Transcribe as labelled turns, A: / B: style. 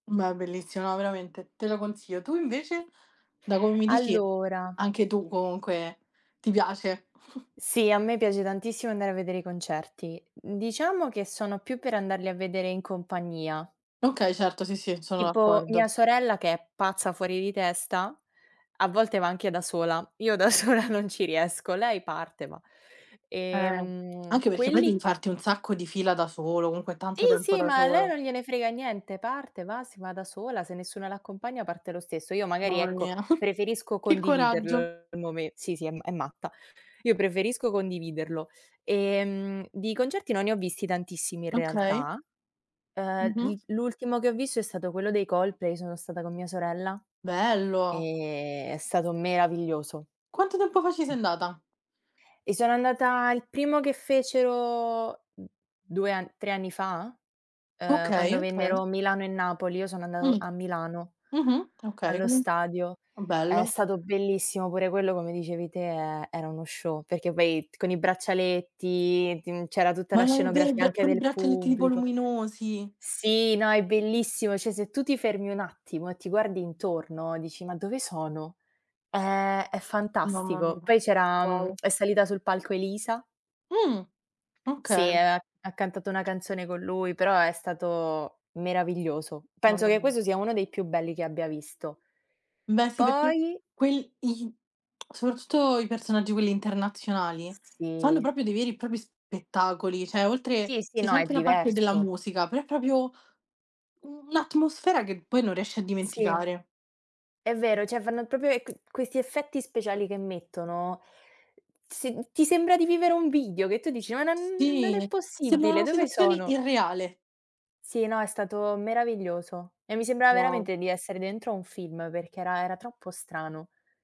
A: Beh, bellissimo, no veramente, te lo consiglio. Tu invece? Da come mi dici,
B: Allora
A: anche tu comunque ti piace.
B: Sì, a me piace tantissimo andare a vedere i concerti. Diciamo che sono più per andarli a vedere in compagnia
A: Okay certo, sì, sì, sono
B: tipo,
A: d'accordo.
B: mia sorella, che è pazza fuori di testa, a volte, va anche da sola. Io da sola non ci riesco. Lei parte, ma,
A: Eh.
B: ehm,
A: Anche perché poi
B: quelli
A: devi farti un sacco di fila da solo, comunque
B: Sì,
A: tanto tempo
B: sì,
A: da
B: ma a lei
A: solo.
B: non gliene frega niente: parte, va, si va da sola, se nessuno l'accompagna parte lo stesso. Io, magari,
A: Mamma
B: ecco,
A: mia.
B: preferisco
A: Che coraggio.
B: condividerlo il mome sì, sì, è ma è matta. Io preferisco condividerlo, ehm, di concerti non ne ho visti tantissimi, in
A: Okay.
B: realtà. Ehm,
A: Mh-mh.
B: il l'ultimo che ho visto è stato quello dei Coldplay, sono stata con mia sorella,
A: Bello.
B: ehm, è stato meraviglioso.
A: Quanto tempo fa ci sei andata?
B: E sono andata il primo che fecero 2 an 3 anni fa? Ehm, quando
A: Okay, okay.
B: vennero Milano e Napoli, io sono andato
A: Uhm.
B: a Milano,
A: Mh-mh. Okay
B: allo
A: come è
B: stadio.
A: st
B: È
A: bello.
B: stato bellissimo pure quello, come dicevi te, e era uno show, perché, poi, con i braccialetti, tin c'era tutta la
A: Ma non
B: scenografia
A: vibr
B: anche
A: come i
B: del
A: braccialetti tipo
B: pubblico.
A: luminosi.
B: Sì, no, è bellissimo, cioè, se tu ti fermi un attimo e ti guardi intorno, dici: “Ma dove sono?”. È è
A: Mamma
B: fantastico.
A: mia,
B: Poi, c'era mhmm,
A: uguale.
B: è salita sul palco Elisa
A: Uhm.
B: Sì, e
A: Okay.
B: ha, ha cantato una canzone con lui però è stato meraviglioso. Penso
A: Mamma
B: che
A: mia.
B: questo sia uno dei più belli che abbia visto.
A: Beh sì, perché
B: Poi
A: quel i soprattutto i personaggi quelli internazionali, fanno
B: Sì.
A: proprio dei veri e propri spettacoli, cioè oltre
B: Sì, sì,
A: se
B: no,
A: c'è
B: è
A: anche la parte della
B: diverso.
A: musica, però è proprio un'atmosfera che poi non riesci a
B: Sì.
A: dimenticare.
B: È vero. Cioè, fanno, proprio, e c questi effetti speciali che mettono, sin ti sembra di vivere un video che tu dici: “Ma non non è
A: Sì. Sembra
B: possibile,
A: una
B: dove
A: situazione
B: sono?”.
A: irreale.
B: Sì, no, è stato meraviglioso, e mi sembrava
A: Wow.
B: veramente di essere dentro a un film perché era era troppo strano.